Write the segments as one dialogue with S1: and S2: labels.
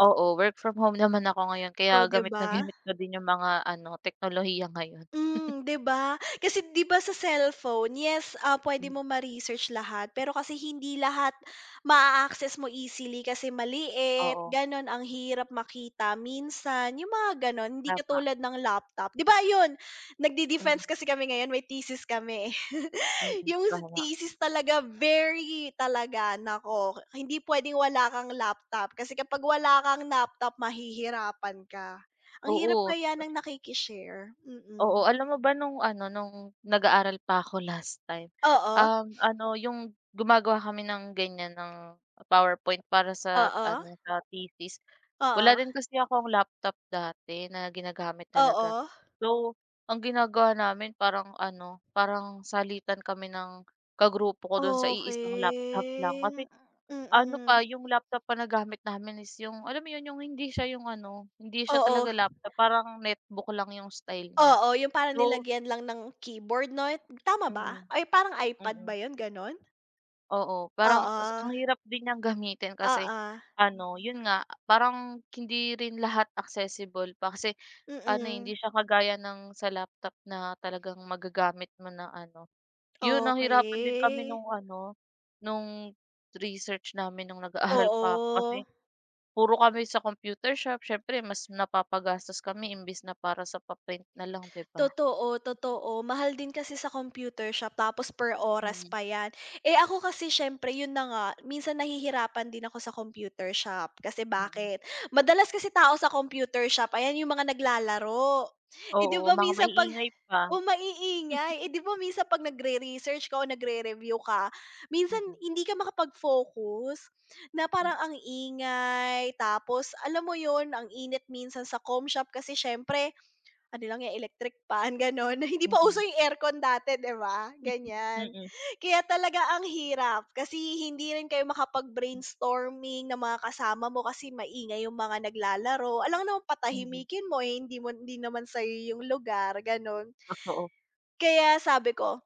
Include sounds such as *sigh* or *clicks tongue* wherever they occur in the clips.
S1: Oo work from home naman ako ngayon,
S2: Oh,
S1: kaya
S2: di
S1: gamit na
S2: ba?
S1: gamit ko din yung mga ano, teknolohiya ngayon. *chuckles*
S2: Hmm, 'di ba, kasi 'di ba sa cellphone yes, ah, puwede
S1: M.
S2: mo ma-research lahat, pero kasi hindi lahat ma-access mo easily, kasi maliit,
S1: Oo.
S2: ganon ang hirap makita minsan, yung mga ganon hindi
S1: Tama.
S2: katulad ng laptop, 'di ba yun nag de-defense
S1: Mm.
S2: kasi kami ngayon may thesis kami, eh,
S1: Mm,
S2: *chuckles* yung
S1: tama.
S2: thesis talaga very talaga naku, hindi puwedeng wala kang laptop kasi kapag wala kang laptop mahihirapan ka, ang hirap
S1: Oo.
S2: kaya ng nakiki-share,
S1: Oo,
S2: mm.
S1: alam mo ba nung ano, nung nag-aaral pa ako last time,
S2: Oo.
S1: um, ano yung gumagawa kami ng ganiyan ng, PowerPoint para sa
S2: Oo.
S1: ano, sa thesis, wala
S2: Oo.
S1: din kasi akong laptop dati na ginagamit talaga.
S2: Oo.
S1: So, ang ginagawa namin parang ano parang salitan kami ng ka-grupo ko do'n sa iisang laptop lang
S2: Okey,
S1: kasi ano pa,
S2: mm.
S1: yung laptop pa na gamit namin is yung alam mo yun yung hindi siya yung ano hindi siya
S2: Oo.
S1: talaga laptop parang netbook lang yung style niya,
S2: Oo, yung parang
S1: so
S2: nilagyan lang ng keyboard 'no, t tama ba,
S1: Mm,
S2: ay parang iPad ba
S1: mm.
S2: yun ganun?
S1: Oo parang ta's
S2: Oo.
S1: ang hirap din niyang gamitin kasi
S2: Oo.
S1: ano, 'yon nga a parang hindi rin lahat accessible pa kasi ano, eh,
S2: Mm.
S1: hindi siya kagaya ng sa laptop na talagang magagamit mo na ano
S2: *clicks tongue*
S1: 'yon nahirapan din kami
S2: Okey.
S1: no'ng ano no'ng research namin no'ng nag-aaral pa ako kasi,
S2: Oo.
S1: puro kami sa computer shop, siyempre mas napapagastos kami imbis na para sa pa-print na lang 'di ba?
S2: Totoo, totoo, mahal din kasi sa computer shop tapos per oras
S1: Mhm.
S2: pa yan, eh, ako kasi siyempre yun na nga minsan nahihirapan din ako sa computer shop, kasi
S1: Mm.
S2: bakit, madalas kasi tao sa computer shop, ayan yung mga naglalaro. Eh, 'di
S1: Oo,
S2: ba
S1: mga
S2: minsan pag
S1: maiingay pa.
S2: o maiingay, eh, 'di ba minsan 'pag nag-re-research ka, o nag-re-review ka, minsan
S1: Mm.
S2: hindi ka makapag-focus na
S1: M.
S2: parang ang ingay, tapos alam mo yun ang init minsan sa com shop, kasi siyempre, ano lang yan electric fan ganon, hindi pa uso
S1: Mm.
S2: yung aircon dati 'di ba,
S1: *chuckles*
S2: ganiyan.
S1: Mm.
S2: Kaya talaga ang hirap kasi hindi rin kayo makapag brainstorming, na mga kasama mo kasi maingay yung mga naglalaro, alangan naman
S1: Mm.
S2: patahimikin mo, eh, hindi mo hindi naman sayo yung lugar, ganon.
S1: Totoo.
S2: Kaya sabi ko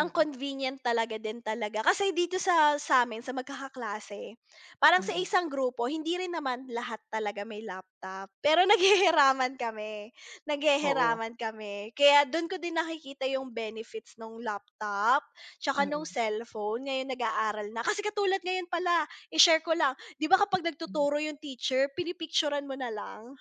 S2: Ang convenient talaga din talaga, kasi dito sa samin sa magkakaklase, parang sa
S1: Mm.
S2: isang grupo hindi rin naman lahat talaga may laptop, pero naghihiraman kami,
S1: Oo.
S2: naghihiraman kami, kaya dun ko din nakikita yung benefits nung laptop, 'tsaka nung
S1: Mm.
S2: cellphone, ngayon nag-aaral na kasi katulad ngayon pala i-share ko lang 'di ba kapag
S1: Mhm.
S2: nagtuturo yung teacher pinipicturan mo na lang.